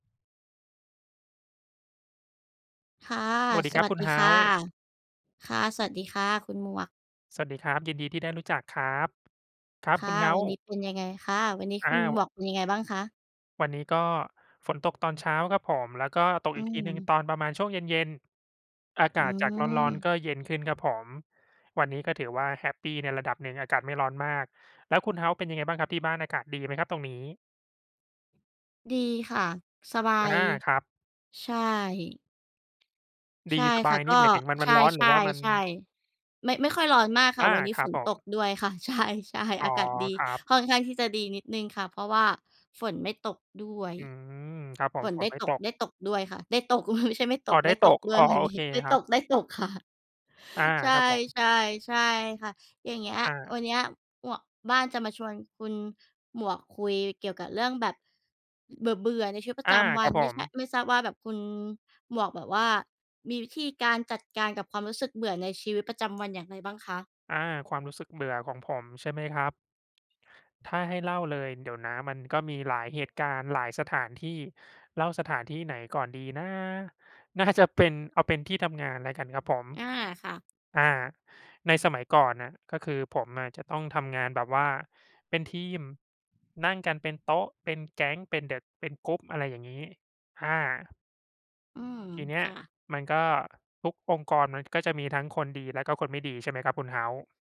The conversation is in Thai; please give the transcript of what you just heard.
ค่ะ สวัสดีสครัวบัสคุดณีเฮคา่ะ ส์ ค่ะ สวัสดีค่ะคุณหมวก สวัสดีครับ ยินดีที่ได้รู้จักครับ ครับ ค่คุะ ณเฮาวัสน์ นี้เป็นยังไง? ค่ะ วันนี้อ้คุาณว บอกเป็นยังไงบ้างคะ? วันนี้ก็ฝนตกตอนเช้าครับผม แล้วก็ตกอือีกทีหนึ่งม ตอนประมาณช่วงเย็น ๆ อาอกืาศจากร้อน ม ๆ ก็เย็นขึ้นครับผม วันนี้ก็ถือว่าแฮปปีในระดับหนึ่ง อากาศไม่ร้อนมาก แล้วคุณเฮาส์เป็นยังไงบ้างครับ? ที่บ้านอากาศดีไหมครับตรงนี้? ดีค่ะ สบาอา ย ครับ ใช่ ดใชี ่สบคา่ะ ย กนี็ ่หมายถึงมัน ใมชันร้อน หรือว่ามัน ่ ๆ ๆ ไม่ ไม่ค่อยร้อนมากค่อะ า วันนี้ครฝับนผตม กด้วยค่ะ ใช่ อๆ ๋ออ ากาศดี ครับ ค่อนข้างที่จะดีนิดหนึ่งค่ะ เพราะว่าฝนไม่ตกด้วย อืม ครับผฝม นฝไดน้ไม่ตตก ก ได้ตกด้วยค่ะ ได้ตก ไม่ใช่ไม่ตอ๋อ ก ไไดด้้ตตกก ด้วอย ๋อ วันโอนี้ เคได้ครตับ ก ๆ ค่ะ อา ใชคร่ ับผม ๆ ๆ ค่ะ อย่างเงี้ย อวัา นเนี้ย หมวก บ้านจะมาชวนคุณหมวกคุยเกี่ยวกับเรื่องแบบ อ เบื่อ ๆ ในชีวิตปรอะา จำวคัรัน บผไม่ใช่ ม ไม่ทราบว่าแบบคุณหมวก แบบว่ามีวิธีการจัดการกับความรู้สึกเบื่อในชีวิตประจำวันอย่างไรบ้างคะ? อา ความรู้สึกเบื่อของผม ใช่ไหมครับ? ถ้าให้เล่าเลย เดี๋ยวนะมันก็มีหลายเหตุการณ์ หลายสถานที่ เล่าสถานที่ไหนก่อนดีนะ? น่าจะเป็น เอาเป็นที่ทำงานแล้วกันครับผม อา ค่ะ อา ในสมัยก่อนน่ะ ก็คือผมอะจะต้องทำงานแบบว่าเป็นทีม นั่งกันเป็นโต๊ะ เป็นแก๊ง เป็น the เป็น group อะไรอย่างงี้ อา อืม ทีเนี้คย่ะ มันก็ทุกองค์กร มันก็จะมีทั้งคนดีและคนก็ไม่ดี ใช่ไหมครับ คุณเฮาส์